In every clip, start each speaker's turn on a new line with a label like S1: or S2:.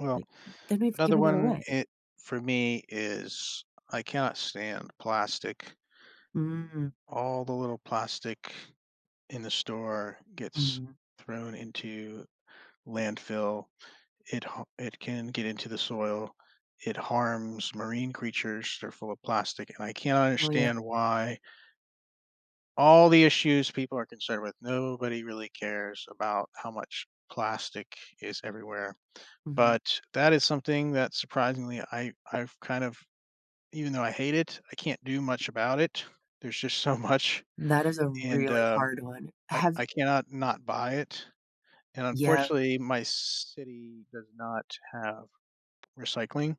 S1: Well,
S2: Like, then I've
S1: another
S2: given it
S1: one
S2: away.
S1: i for me is, I cannot stand plastic.
S2: Mm.
S1: All the little plastic, in the store gets
S2: Mhm.
S1: thrown into landfill, it ha it can get into the soil, it harms marine creatures, they're full of plastic, and I can't
S2: Oh, yeah.
S1: understand why all the issues people are concerned with, nobody really cares about how much plastic is everywhere,
S2: Mhm.
S1: but that is something that surprisingly I I've kind of even though I hate it, I can't do much about it, there's just so much
S2: That is a
S1: and,
S2: really
S1: um,
S2: hard one,
S1: I
S2: have
S1: I cannot not buy it, and
S2: Yeah.
S1: unfortunately, my city does not have recycling.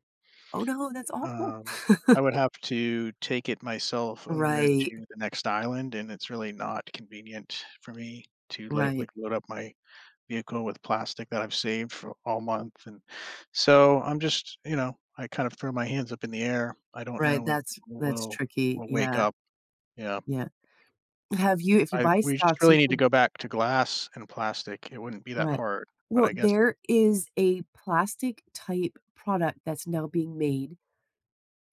S2: Oh, no, that's awful.
S1: Um, I would have to take it myself over
S2: Right.
S1: to the next island, and it's really not convenient for me to, like
S2: Right.
S1: like, load up my vehicle with plastic that I've saved for all month, and so I'm just, you know, I kind of throw my hands up in the air, I don't
S2: Right,
S1: know when
S2: that's
S1: we
S2: that's
S1: will
S2: tricky.
S1: we'll wake
S2: Yeah.
S1: up. Yeah.
S2: Yeah. Have you if you
S1: I
S2: buy
S1: we just
S2: stocks,
S1: really
S2: you
S1: need to
S2: should
S1: go back to glass and plastic. It wouldn't be that
S2: Right.
S1: hard, but
S2: Well,
S1: I guess
S2: there is a plastic type product that's now being made,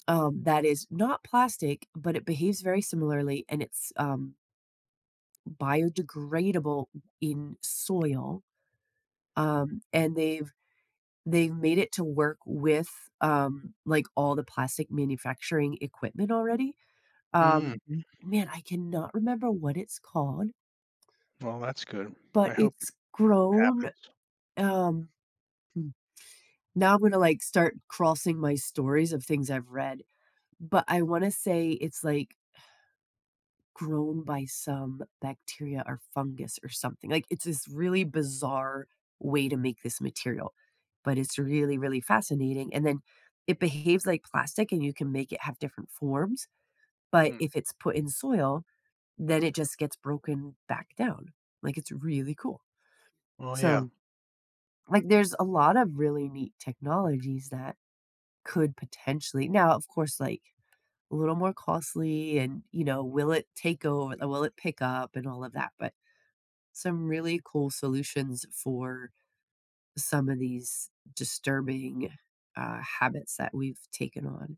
S2: um, that is not plastic, but it behaves very similarly, and it's, um, biodegradable in soil, um, and they've they've made it to work with, um, like, all the plastic manufacturing equipment already,
S1: Mm.
S2: um man,
S1: [unintelligible]
S2: I cannot remember what it's called,
S1: Well, that's good,
S2: but
S1: I hope it
S2: it's grown,
S1: happens.
S2: um, hmm, now I'm gonna, like, start crossing my stories of things I've read, but I wanna say it's, like grown by some bacteria or fungus or something, like, it's this really bizarre way to make this material, but it's really really fascinating, and then, it behaves like plastic, and you can make it have different forms, but
S1: Mm.
S2: if it's put in soil, then it just gets broken back down, like, it's really cool.
S1: Well, yeah.
S2: So like, there's a lot of really neat technologies that could potentially now, of course, like, a little more costly and, you know, will it take over will it pick up and all of that, but, some really cool solutions for some of these disturbing, uh, habits that we've taken on.